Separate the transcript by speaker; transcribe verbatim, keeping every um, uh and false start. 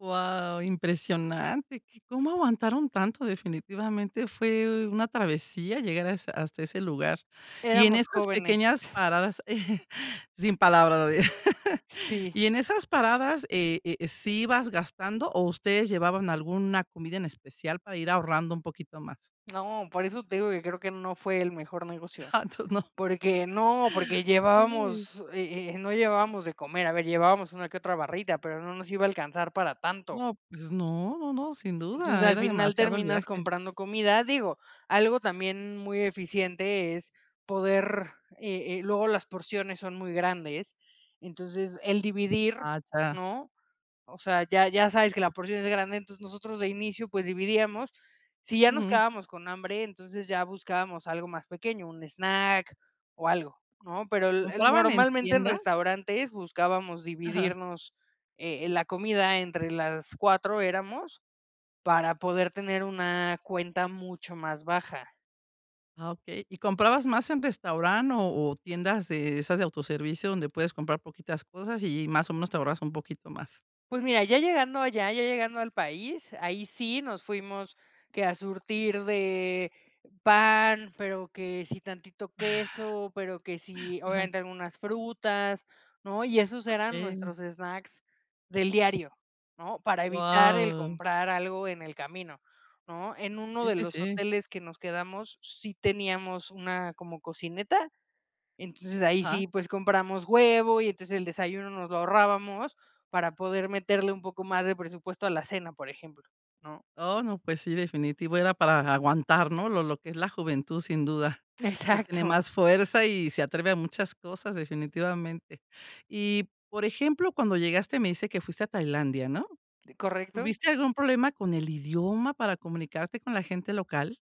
Speaker 1: Guau, impresionante, que cómo aguantaron tanto, definitivamente fue una travesía llegar a has hasta ese lugar. Y en
Speaker 2: Éramos
Speaker 1: esas
Speaker 2: jóvenes.
Speaker 1: pequeñas paradas, sin palabras,
Speaker 2: Sí.
Speaker 1: y en esas paradas, eh eh, ¿sí ibas gastando o ustedes llevaban alguna comida en especial para ir ahorrando un poquito más?
Speaker 2: No, por eso te digo que creo que no fue el mejor negocio.
Speaker 1: Ja entoces no.
Speaker 2: Porque no, porque
Speaker 1: Okey.
Speaker 2: llevábamos, eh eh no llevábamos de comer. A ver, llevábamos una que otra barrita, pero no nos iba a alcanzar para tanto.
Speaker 1: No, pues no, no, no sin
Speaker 2: Entonces,
Speaker 1: duda,
Speaker 2: al
Speaker 1: era
Speaker 2: final
Speaker 1: demasiado el
Speaker 2: terminas
Speaker 1: viaje.
Speaker 2: comprando comida. Digo, algo también muy eficiente es poder, eh eh luego las porciones son muy grandes, entonces el dividir,
Speaker 1: Ah ya.
Speaker 2: ¿no? O sea, ya ya sabes que la porción es grande, entonces nosotros de inicio, pues, dividíamos. Si ya nos
Speaker 1: Ujú.
Speaker 2: quedábamos con hambre, entonces ya buscábamos algo más pequeño, un snack o algo, ¿no? Pero el el
Speaker 1: ¿Compraban en
Speaker 2: normalmente en
Speaker 1: tiendas?
Speaker 2: restaurantes buscábamos
Speaker 1: Ajá.
Speaker 2: dividirnos eh, eh la comida entre las cuatro éramos, para poder tener una cuenta mucho más baja.
Speaker 1: Ah okey. ¿Y comprabas más en restaurant o o tiendas de esas de autoservicio, donde puedes comprar poquitas cosas y más o menos te ahorras un poquito más?
Speaker 2: Pues mira, ya llegando allá, ya llegando al país, ahí sí nos fuimos que a surtir de pan, pero que si tantito queso, pero que si
Speaker 1: Ajá.
Speaker 2: obviamente algunas frutas, ¿no? Y esos eran
Speaker 1: Okey.
Speaker 2: nuestros snacks del diario, ¿no? Para evitar el
Speaker 1: Wao.
Speaker 2: comprar algo en el camino, ¿no? En uno
Speaker 1: Sí,
Speaker 2: de
Speaker 1: sí,
Speaker 2: los
Speaker 1: sí.
Speaker 2: hoteles que nos quedamos sí teníamos una como cocineta, entonces ahí
Speaker 1: Ajá.
Speaker 2: sí, pues compramos huevo y entonces el desayuno nos lo ahorrábamos para poder meterle un poco más de presupuesto a la cena, por ejemplo, ¿no?
Speaker 1: Oh, no, pues sí, definitivo, era para aguantar, ¿no? Lo lo que es la juventud, sin duda, que tiene
Speaker 2: Exacto.
Speaker 1: más fuerza y se atreve a muchas cosas, definitivamente. Y, por ejemplo, cuando llegaste me dice que fuiste a Tailandia, ¿no?
Speaker 2: Correcto.
Speaker 1: ¿Tuviste algún problema con el idioma para comunicarte con la gente local?